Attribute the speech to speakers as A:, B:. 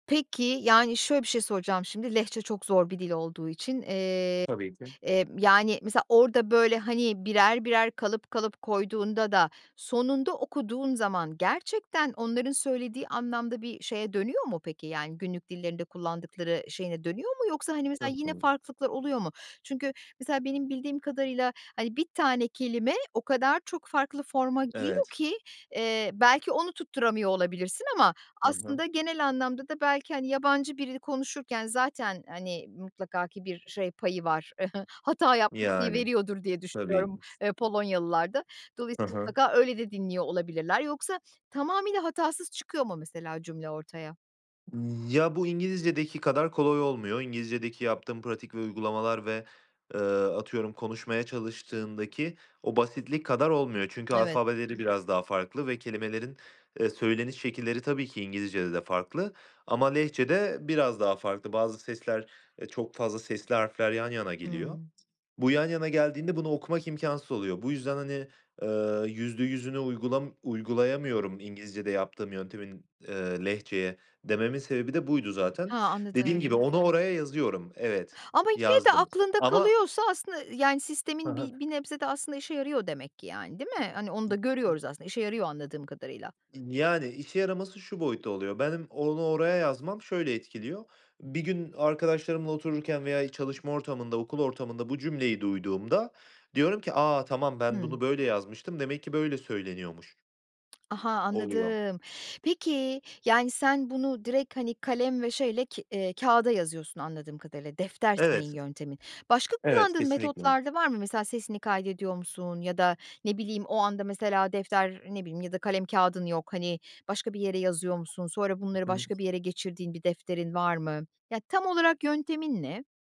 A: Peki, yani şöyle bir şey soracağım şimdi Lehçe çok zor bir dil olduğu için, eee,
B: Tabii ki.
A: eee, yani mesela orada böyle hani birer birer kalıp kalıp koyduğunda da sonunda okuduğun zaman gerçekten onların söylediği anlamda bir şeye dönüyor mu peki? Yani günlük dillerinde kullandıkları şeyine dönüyor mu? Yoksa hani mesela
B: Çok
A: yine
B: doğru.
A: farklılıklar oluyor mu? Çünkü mesela benim bildiğim kadarıyla hani 1 tane kelime o kadar çok farklı forma giriyor
B: Evet.
A: ki, eee, belki onu tutturamıyor olabilirsin ama
B: Hı hı.
A: aslında genel anlamda da belki hani yabancı birini konuşurken zaten hani mutlaka ki bir şey payı var hata yapma payı
B: Yani.
A: veriyordur diye
B: Tabii
A: düşünüyorum,
B: ki.
A: eee, Polonyalılar da.
B: Ha
A: Dolayısıyla
B: ha.
A: mutlaka öyle de dinliyor olabilirler. Yoksa tamamıyla hatasız çıkıyor mu mesela cümle ortaya?
B: Iıı, ya, bu İngilizcedeki kadar kolay olmuyor, İngilizcedeki yaptığım pratik ve uygulamalar ve, eee, atıyorum konuşmaya çalıştığındaki o basitlik kadar olmuyor. Çünkü
A: Evet.
B: alfabeleri biraz daha farklı ve kelimelerin, eee, söyleniş şekilleri tabii ki İngilizcede de farklı ama Lehçede biraz daha farklı. Bazı sesler, eee, çok fazla sesli harfler yan yana geliyor.
A: Hımm.
B: Bu yan yana geldiğinde bunu okumak imkânsız oluyor. Bu yüzden hani, eee, yüzde yüzüne uygulam uygulayamıyorum İngilizce'de yaptığım yöntemin, eee, Lehçeye dememin sebebi de buydu zaten.
A: Ha,
B: Dediğim gibi
A: anladım.
B: onu oraya yazıyorum. Evet.
A: Ama yine de
B: Yazdım
A: aklında
B: ama
A: kalıyorsa aslında yani
B: Ha
A: sistemin bir
B: ha.
A: bir nebze de aslında işe yarıyor demek ki yani değil mi? Hani onu da
B: [unintelligible]
A: görüyoruz aslında işe yarıyor anladığım kadarıyla.
B: Iıı, yani, işe yaraması şu boyutta oluyor. Benim onu oraya yazmam şöyle etkiliyor. Bir gün arkadaşlarımla otururken veya çalışma ortamında, okul ortamında bu cümleyi duyduğumda diyorum ki; "A, tamam. Ben
A: Hımm.
B: bunu böyle yazmıştım demek ki böyle söyleniyormuş."
A: Aha.
B: Oluyor.
A: Anladım. Peki yani sen bunu direkt hani kalem ve şeyle ke eee, kağıda yazıyorsun anladığım kadarıyla. Defter senin
B: Evet.
A: yöntemin. Başka
B: Evet,
A: kullandığın
B: kesinlikle.
A: metotlar da var mı? Mesela sesini kaydediyor musun ya da ne bileyim o anda mesela defter ne bileyim ya da kalem kağıdın yok hani başka bir yere yazıyor musun? Sonra bunları
B: Hı hı.
A: başka bir yere geçirdiğin bir defterin var mı? Ya tam olarak yöntemin ne?